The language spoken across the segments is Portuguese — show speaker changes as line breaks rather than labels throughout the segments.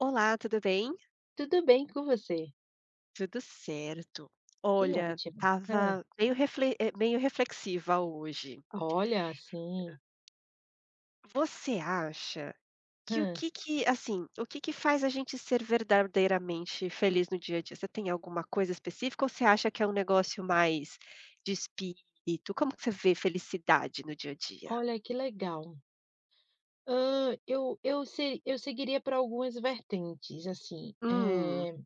Olá, tudo bem.
Tudo bem. E com você?
Tudo certo.
Que
Olha,
ótimo. Hã.
estava meio refle eh, meio reflexiva hoje.
Olha, sim.
Você acha que o
Hã.
que que assim, o que que faz a gente ser verdadeiramente feliz no dia a dia? Você tem alguma coisa específica ou você acha que é um negócio mais de espírito? Como que você vê felicidade no dia a dia?
Olha, que legal! Hã, eu eu se eu seguiria para algumas vertentes assim,
Hum.
eh.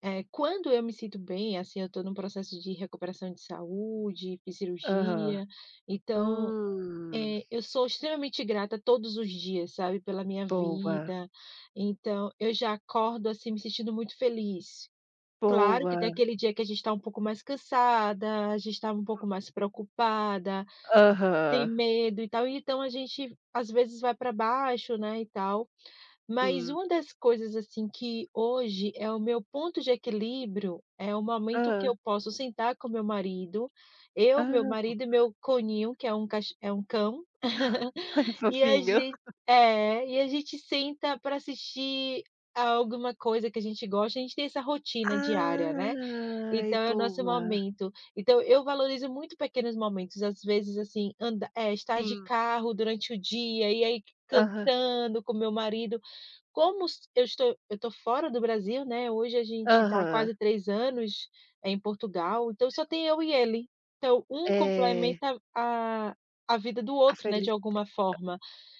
É quando eu me sinto bem assim, eu estou num processo de recuperação de saúde e
Aham.
cirurgia, então,
Hum.
eh, eu sou extremamente grata todos os dias, sabe, pela minha
Boa.
vida. Então eu já acordo, assim, me sentindo muito feliz. Claro que tem
Boa.
aquele dia que a gente está um pouco mais cansada. A gente estava um pouco mais preocupada, tem
Aham.
medo e tal. E então a gente às vezes vai para baixo, né, e tal. Mas
Sim.
uma das coisas, assim, que hoje é o meu ponto de equilíbrio é o momento que
Hã.
eu posso sentar com o meu marido,
Ah,
eu, meu
boa.
marido e meu conínho, que é um ca é um cão.
Ah. Ai
E a
fofinho.
gen É. E a gente senta pra assistir alguma coisa que a gente gosta. A gente tem essa rotina diária, né,
Ai
então é o nosso
boa.
momento. Então eu valorizo muito pequenos momentos, às vezes assim anda é estar de
Sim.
carro durante o dia e aí
Aham.
cantando com o meu marido como eu estou eu estou fora do Brasil, né. Hoje a gente está há
Aham.
quase 3 anos, em Portugal, então só tem eu e ele. Então um
É.
complementa a a vida do
A
outro, né, de
feli [unintelligible]
alguma forma.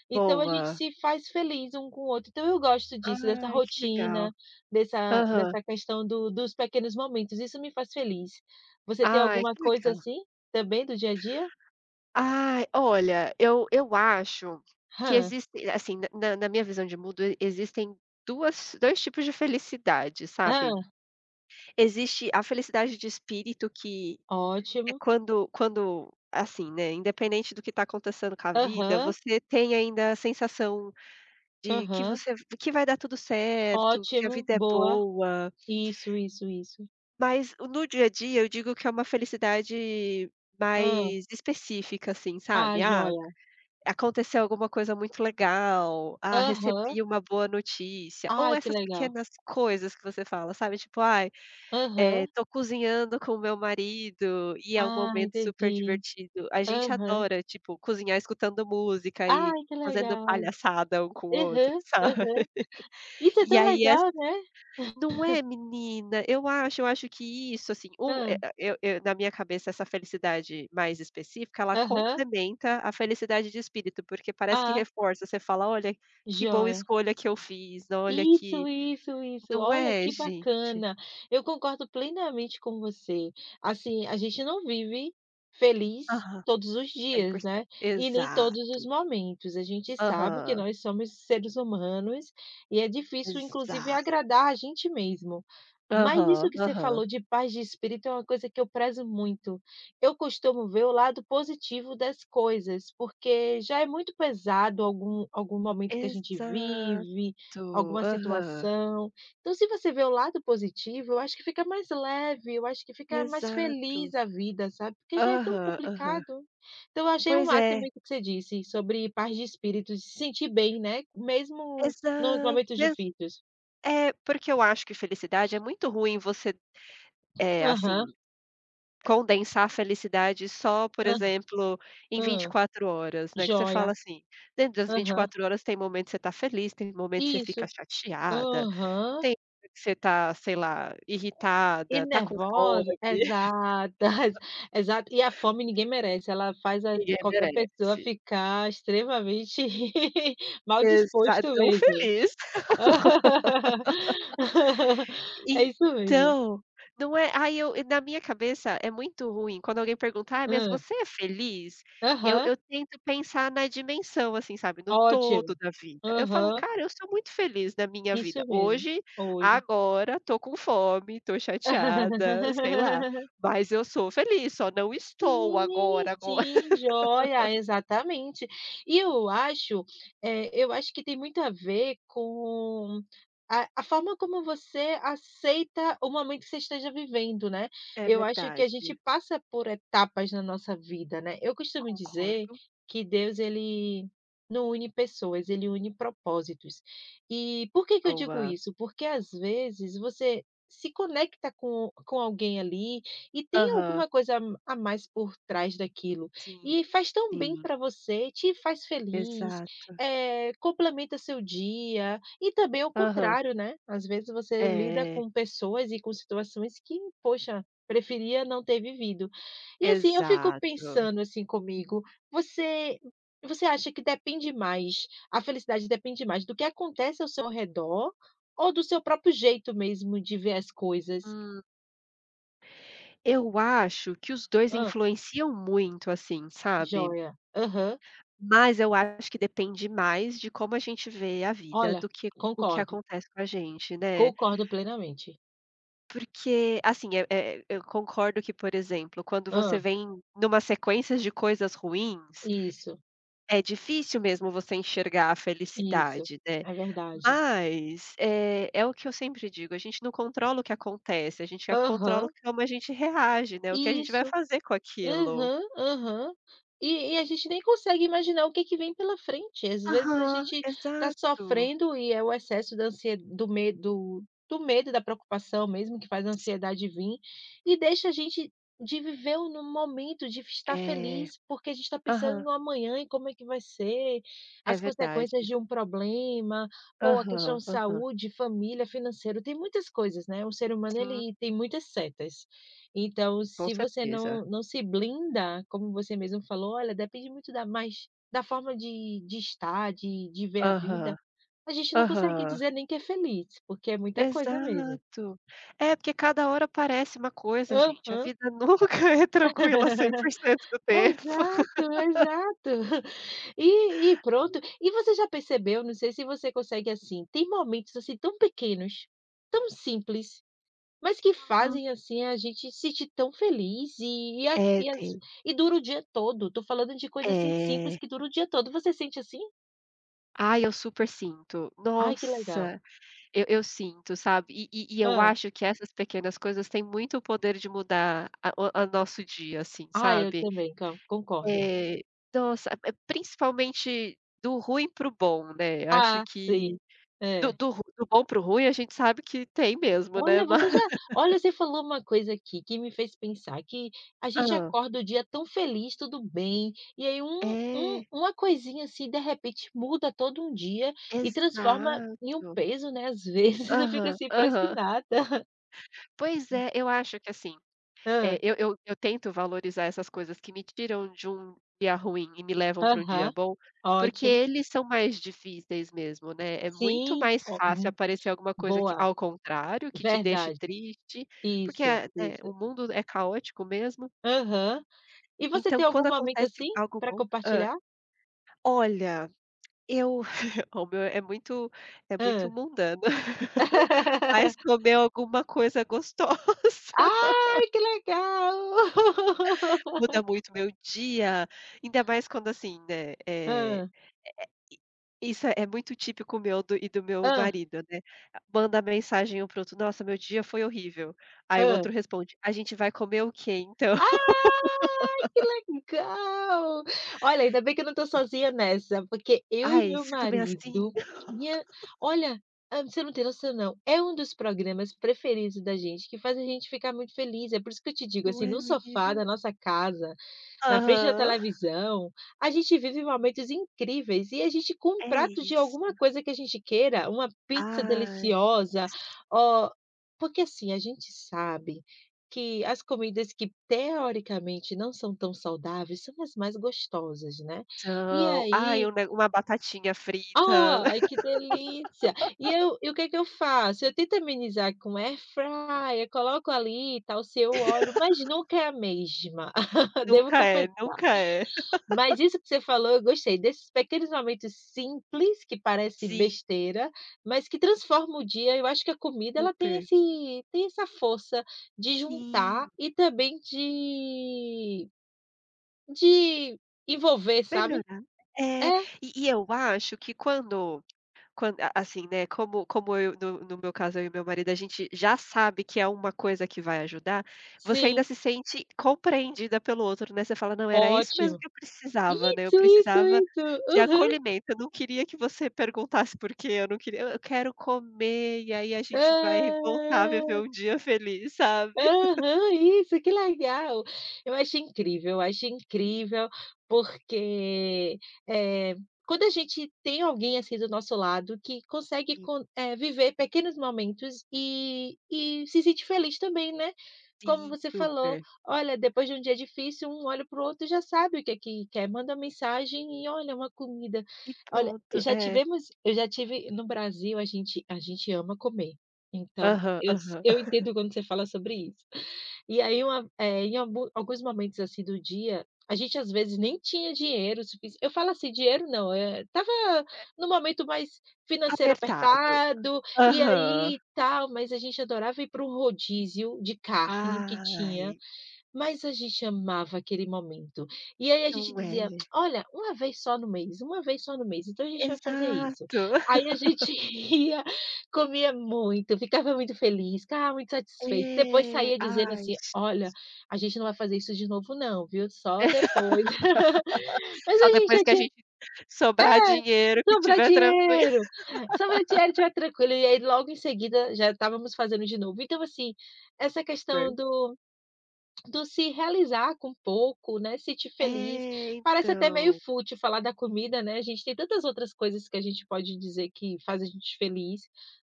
Então a gente
Boa.
se faz feliz um com o outro. Então eu gosto disso, dessa
Ai, que legal.
rotina dessa
Aham.
dessa questão do dos pequenos momentos. Isso me faz feliz. Você tem
Ai,
alguma
que
coisa
legal.
assim também do dia a dia?
Ah, olha, eu eu acho que
Hã.
existe, assim, na na na minha visão de mundo existem 2 2 tipos de felicidade, sabe?
Hã.
Existe a felicidade de espírito, que é
Ótimo.
quando quando assim, né, independente do que está acontecendo com a vida,
Aham.
você tem ainda a sensação de que
Aham.
você que vai dar tudo certo, que a
Ótimo,
vida é
boa,
boa.
isso, isso, isso.
Mas no dia a dia eu digo que é uma felicidade
Hã.
mais específica, assim, sabe?
Ah,
Ah,
joia.
aconteceu alguma coisa muito legal. Ah,
Aham.
recebi uma boa notícia ou
Ai, que
essas
legal.
pequenas coisas que você fala, sabe? Tipo ai, eh,
Aham.
tô cozinhando com o meu marido e é um
Ah,
momento super
entendi.
divertido. A gente
Aham.
adora tipo cozinhar, escutando música e
Ai que
fazendo
legal.
palhaçada um com o outro,
Aham.
sabe?
Aham. Isso é
E
tão
aí é
legal, né?
não é menina? Eu acho eu acho que isso assim o é
Hã.
eu eu na minha cabeça essa felicidade mais específica, ela
Aham.
complementa a felicidade de espírito, porque parece que
Ah.
reforça, você fala olha que boa
Joia.
escolha que eu fiz, olha
Isso,
que
isso, isso.
Não
Olha
é
que
gente?
bacana. Eu concordo plenamente com você. Assim a gente não vive feliz
Aham,
todos os
cem por
dias,
cento,
né? E nem todos
exato.
os momentos. A gente sabe que
Aham.
nós somos seres humanos e é difícil, inclusive
Exato.
agradar a gente mesmo. Mas isso
Aham.
que você
Aham.
falou de paz de espírito é uma coisa que eu prezo muito. Eu costumo ver o lado positivo das coisas, porque já é muito pesado algum algum momento que a gente
Exato.
vive, alguma
Aham.
situação. Então, se você vê o lado positivo, eu acho que fica mais leve. Eu acho que fica mais
Exato.
feliz a vida, sabe? Porque já é tão
Aham, aham.
complicado. Então eu achei o
Pois
máximo
é.
que você disse sobre paz de espírito e se sentir bem, né? Mesmo nos
Exa
momentos
Mesmo
difíceis.
É. Porque eu acho que felicidade é muito ruim você, eh, assim,
Aham.
condensar a felicidade só, por
Aham.
exemplo, em vinte e
Hã.
quatro horas, né? Que você fala
Joia.
assim dentro das vinte e
Aham.
quatro horas tem momento que você tá feliz, tem momentos que você fica
Isso.
chateada,
Aham.
tem que você tá, sei lá,
E
irritada, tá com
nervosa.
fome.
Exata exato e a fome ninguém merece. Ela faz a
Ninguém
qualquer pessoa
merece.
ficar extremamente mal
Exa É
disposto
tão
mesmo.
feliz.
É isso mesmo.
Então, não é? Aí eu na minha cabeça é muito ruim quando alguém perguntar, mas
Hum.
você é feliz? Eu
Aham.
eu tento pensar na dimensão assim, sabe? No
Ótimo,
todo da vida. Eu falo
Aham.
cara, eu sou muito feliz na minha vida.
Isso mesmo.
Hoje
Hoje.
agora estou com fome, estou chateada, sei lá, mas eu sou feliz. Só não estou
Sim,
agora agora.
sim, joia, exatamente. E eu acho, eh, eu acho que tem muito a ver com a a forma como você aceita o momento que você esteja vivendo, né?
É
Eu acho que a gente
verdade.
passa por etapas na nossa vida, né? Eu costumo dizer
Concordo.
que Deus ele não une pessoas, ele une propósitos. E por que que eu digo
Boa.
isso? Porque às vezes você se conecta com com alguém ali e tem
Aham.
alguma coisa a mais por trás daquilo
Sim,
e faz tão bem
sim.
para você, te faz feliz,
Exato.
eh, complementa seu dia e também ao
Aham.
contrário, né? Às vezes você lida
É.
com pessoas e com situações que poxa, preferia não ter vivido. E assim eu fico
Exato.
pensando assim comigo, você você acha que depende mais a felicidade depende mais do que acontece ao seu redor ou do seu próprio jeito mesmo de ver as coisas?
Hum. Eu acho que os 2
Hã.
influenciam muito assim, sabe?
Joia, Aham.
Mas eu acho que depende mais de como a gente vê a vida
Olha,
do que o que
concordo.
acontece com a gente, né?
Concordo plenamente.
Porque, assim, é é eu concordo que, por exemplo, quando você
Hã.
vem numa sequência de coisas ruins,
Isso.
é difícil mesmo, você enxergar a
Isso,
felicidade, né.
é verdade.
Mas, eh, é o que eu sempre digo: “A gente não controla o que acontece. A gente já controla
Aham.
o como a gente reage”’, né, o que a gente vai
Isso,
fazer com aquilo.
aham, aham, e e a gente nem consegue imaginar o que que vem pela frente. Às vezes, a
Aham,
gente tá
exato.
sofrendo, e é o excesso da ansie- do medo do medo, da preocupação mesmo, que faz a
Sim.
ansiedade vim, e deixa a gente de viver no momento, de estar
É,
feliz, porque a gente está pensando
aham.
no amanhã, em como é que vai ser,
É
as consequências
verdade.
de um problema, ou a questão
Aham,
de
aham.
saúde, família, financeiro, tem muitas coisas, né, o ser humano,
Sim.
ele tem muitas setas. Então,
Com
se você
certeza.
não não se blinda, como você mesmo falou: “Olha, depende muito da mas da forma de de estar, de de ver a vida”,
Aham,
a gente não consegue
aham.
dizer nem que é feliz, porque é muita coisa mesmo.
Exato, é porque cada hora aparece uma coisa, gente, a
Aham.
vida nunca é tranquila, 100% do tempo.
Exato, exato, e e pronto. E você já percebeu? Não sei se você consegue, assim, tem momentos, assim, tão pequenos, tão simples, mas que
Hum.
fazem, assim, a gente sentir tão feliz, e a
É,
e às
tem.
e dura o dia todo. Estou falando de coisas, assim, simples,
É.
que dura o dia todo. Você sente assim?
Ai, eu super sinto.
Ai, que legal!
Nossa, eu eu sinto, sabe, e e e eu
Hã.
acho que essas pequenas coisas têm muito o poder de mudar a o o nosso dia, assim,
Ah, eu
sabe.
também can concordo.
É, nossa! É é, principalmente do ruim para o bom, né. Acho
Ah, sim.
que, do
É.
do ru do bom para o ruim, a gente sabe que tem mesmo, né.
Olha, você
Mas
já olha, você falou uma coisa aqui, que me fez pensar que a gente
Hã.
acorda o dia tão feliz, tudo bem e aí um um
É.
uma coisinha assim, de repente, muda todo um dia e transforma em um
Exato.
peso, né, às vezes, eu fico,
Aham,
assim, parece que
aham
nada.
Pois é, eu acho que assim, eh,
Hã.
eu eu eu tento valorizar essas coisas que me tiram de um dia ruim e me levam pra um dia
Aham,
bom, porque
ótimo.
eles são mais difíceis mesmo, né, é muito
Sim,,
mais fácil
[unintelligible]
aparecer alguma coisa que,
boa.
ao contrário, que te deixe
Verdade!
triste, porque
Isso,
é é
isso!
o mundo é caótico mesmo.
Aham. E você
Então,
tem algum
quando
momento
acontece
assim,
algo
para
bom hã?
compartilhar?
Olha, eu o meu é muito é
Hã.
muito mundano. Mas, comer alguma coisa gostosa
Ai, que legal.
muda muito o meu dia, ainda mais quando, assim, né, eh, é
Hã.
é i isso é muito típico meu do e do meu
Hã.
marido, né. Mandar mensagem um para outro: “‘Nossa, meu dia foi horrível”, ai o
Hã.
outro responde: “A gente vai comer o quê, então?”.
Ai, que legal! Olha, ainda bem que eu não estou sozinha nessa, porque eu e o
Ai, o
meu
seu também é assim?
marido, minha olha, ah, você não tem noção, não. É um dos programas preferidos da gente, que faz a gente ficar muito feliz. É por isso que eu te digo,
Não
assim,
é,
no sofá
menina?
da nossa casa, na frente da
Aham.
televisão, a gente vive momentos incríveis. E a gente com um
É
prato, de
isso!
alguma coisa que a gente queira, uma pizza
Ai!
deliciosa, ó, porque, assim, a gente sabe que as comidas que, teoricamente, não são tão saudáveis, são as mais gostosas, né. E
Então. Aí
aí
um neg uma batatinha frita.
Ai, que delícia! E eu o que que eu faço? Eu tento amenizar com Air fryer, coloco ali e tal, sem o óleo, mas nunca é a mesma, devo
Nunca é.
confessar.
Nunca é.
Mas isso que você falou, eu gostei. Desses pequenos momentos simples, que parecem
Sim.
besteira, mas que transformam o dia. Eu acho que a comida ela tem
Super.
esse tem essa força de juntar
Sim.
e também de de envolver,
Vai
sabe.
melhorar! É,
É.
e e eu acho que, quando quando, a assim, né, como como eu, no no meu caso, eu e o meu marido, a gente já sabe que é uma coisa que vai ajudar, você ainda
Sim.
se sente compreendida pelo outro, né. Você fala: “Não, era isso mesmo
Ótimo!
que eu precisava, né. Eu
Isso, isso,
precisava
isso.
de
Aham.
acolhimento. Eu não queria que você perguntasse, porque eu não queria eu quero comer, e aí a gente vai voltar a viver
Hã!
um dia feliz”, sabe.
Aham, isso. Que legal! Eu acho incrível. Eu acho incrível, porque, eh, quando a gente tem alguém, assim, do nosso lado, que consegue
Sim.
con eh, viver pequenos momentos e e se sente feliz também, né. Como
Sim,
você falou:
super.
“Olha, depois de um dia difícil, um olha para o outro e já sabe o que que quer, manda uma mensagem e olha uma comida”.
E
Olha,
pronto!
já
É.
tivemos eu já tive no Brasil, a gente a gente ama comer, então,
Aham.
eu
Aham.
eu entendo quando você fala sobre isso, e aí uma eh, em algu alguns momentos assim do dia, a gente às vezes, nem tinha dinheiro sufici eu falo, assim, dinheiro não, eh, estava
É.
no momento mais financeiro
Apertado.
apertado e
Aham.
aí, tal, mas a gente adorava ir para um rodízio de carne que tinha,
Ai!
mas a gente amava aquele momento e aí, a gente
Não
dizia:
é?
“Olha, uma vez só no mês, uma vez só no mês, então, a gente vai fazer isso”.
Exato.
Aí a gente ia, comia muito, ficava muito feliz, ficava muito satisfeito. Depois
É.
saía dizendo
Ai,
assim:
gente!
"Olha, a gente não vai fazer isso de novo não, viu. Só depois”. Mas
Só
a gente
depois
já
que a
tinha
gente sobrar dinheiro,
é,
que
sobrar
tiver tranquilo.
dinheiro, só quando a gente tiver tranquilo, e aí logo em seguida, já estávamos fazendo de novo. Então, assim, essa questão
Sei.
do do se realizar com pouco, né, sentir feliz.
É,
Parece até meio
então.
fútil falar da comida, né, a gente tem tantas outras coisas que a gente pode dizer que faz a gente feliz,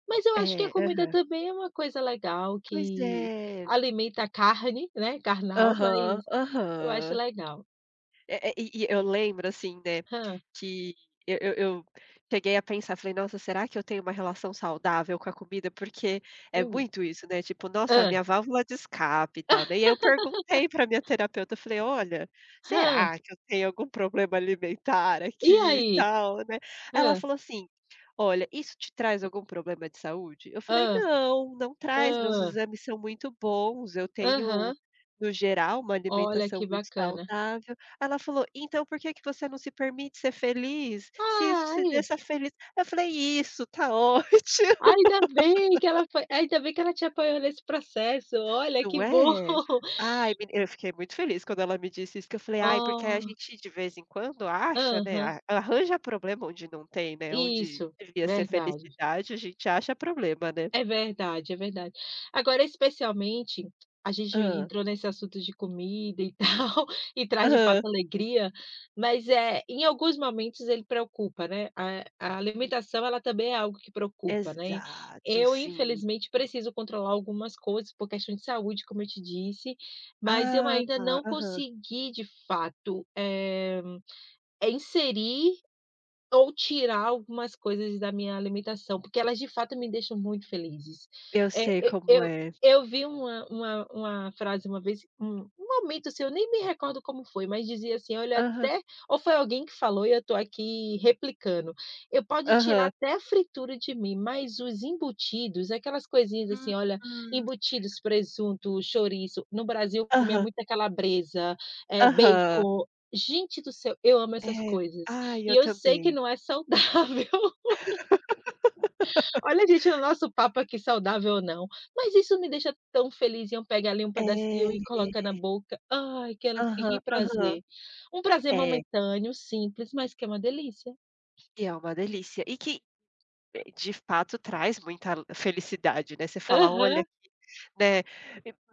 mas eu acho que a
É,
comida
aham.
também é uma coisa legal,
Pois
que
é.
alimenta a carne, né, carnal. Mas,
Aham.
eu acho
Aham.
legal.
É é e e eu lembro assim, né,
Hã.
que eu eu eu cheguei a pensar, falei: "Nossa, será que eu tenho uma relação saudável com a comida?”, porque é
Hum.
muito isso, né, tipo, nossa, a
Hã.
minha válvula de escape e tal, né. E aí eu perguntei pra minha terapeuta, eu falei: "Olha,
Hã.
será que eu tenho algum problema alimentar
E
aqui e
aí?
tal, né?" Ela
Hã.
falou assim: "Olha, isso te traz algum problema de saúde?", Eu falei:
Hã.
“Não, não traz, meus
Hã.
exames são muito bons. Eu tenho,
Aham.
no geral, uma
Olha,
alimentação
que
muito
bacana.
saudável”, ela falou: “‘Então, por que que você não se permite ser feliz? Se isso te
Ai.
deixa feliz”. Eu falei: “Isso, tá ótimo!”.
Ainda bem que ela foi, ainda bem que ela te apoiou nesse processo. Olha,
Não
que bom.
é? Ai meni eu fiquei muito feliz, quando ela me disse isso, que eu falei: “Ai, porque aí, a
Oh.
gente, de vez em quando acha, né,
Aham.
a arranja problema, onde não tem, né, onde
Isso.
devia ser
Verdade.
felicidade, a gente acha problema, né?”.
É verdade, é verdade. Agora, especialmente, a gente
Hã.
entrou nesse assunto de comida e tal, e traz de fato
Aham.
alegria. Mas, eh, em alguns momentos ele preocupa, né. A a
Sim.
alimentação ela também é algo que preocupa, né.
Exato,
Eu,
sim.
infelizmente, preciso controlar algumas coisas, por questões de saúde, como eu te disse, mas eu
Ah,
ainda
tá!
não
Aham.
consegui de fato, eh, é inserir, ou tirar algumas coisas da minha alimentação, porque elas, de fato, me deixam muito felizes.
Eu
Eh,
sei
eu
como
eu
é.
eu vi uma uma uma frase uma vez, um um momento, assim, eu nem me recordo como foi, mas dizia assim: “Olha,
Aham.
até“, ou foi alguém que falou e eu estou aqui replicando. “E pode tirar
Aham.
até a fritura de mim, mas os embutidos”, aquelas coisinhas, assim, olha,
Uhum.
embutidos, presunto, chouriço. No Brasil, eu comia
Aham.
muita calabresa, eh,
Aham.
bacon. Gente do céu! Eu amo essas
É.
coisas
Ai,
e
eu
eu sei que
também.
não é saudável. Olha, gente, o nosso papo que e saudável, ou não, mas isso me deixa tão feliz, em eu pegar ali um
É,
pedacinho e coloca na
É.
boca. Ai, que ale
Aham.
que
Aham.
prazer! Um prazer
É.
momentâneo, simples, mas que é uma delícia.
E é uma delícia, e que, de fato, traz muita felicidade, né. Você fala: “Olha
Aham.
aqui!”, né.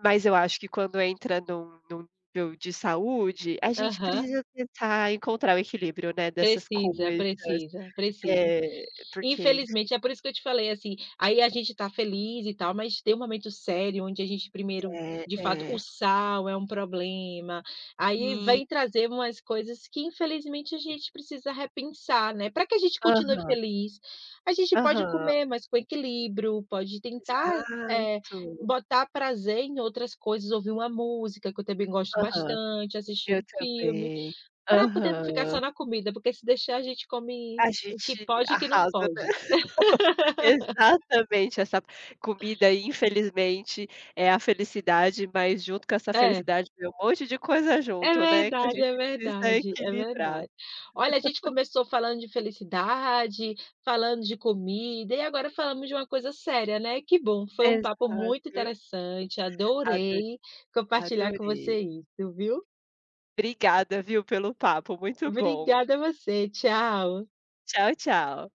Mas, eu acho que, quando entra num num nível de saúde, a gente
Aham.
precisa tentar encontrar o equilíbrio, né, dessas
Precisa,
coisas.
precisa, precisa,
É, porque isso
infelizmente. É por isso que eu te falei, assim, aí a gente tá feliz e tal, mas tem um momento sério, onde a gente primeiro,
É,
de fato, o
é.
sal é um problema. Aí
Sim.
vem trazer umas coisas que, infelizmente, a gente precisa repensar, né, pra que a gente continue
Aham.
feliz, a gente pode
Aham.
comer, mas com equilíbrio, pode tentar, eh,
Exato!
botar prazer em outras coisas, ouvir uma música, que eu também gosto
Aham.
bastante, assistir
Eu
um filme,
também!
para poder não ficar
Aham.
só na comida, porque se deixar a gente come
A
o que
gente
pode e o que não
arrasa, né?
pode.
Exatamente! Essa p comida, infelizmente, é a felicidade, mas junto com essa
É.
felicidade, vem um monte de coisa
É
junto, né, que a
verdade, é
gente precisa
verdade, é
equilibrar.
verdade. Olha, a gente começou falando de felicidade, falando de comida, e agora falamos de uma coisa séria, né, que bom! Foi um papo muito
Exato.
interessante.
Adorei,
Adorei compartilhar com
adorei.
você isso, viu.
Obrigada, viu, pelo papo. Muito bom.
Obrigada, você. Tchau.
Tchau, tchau.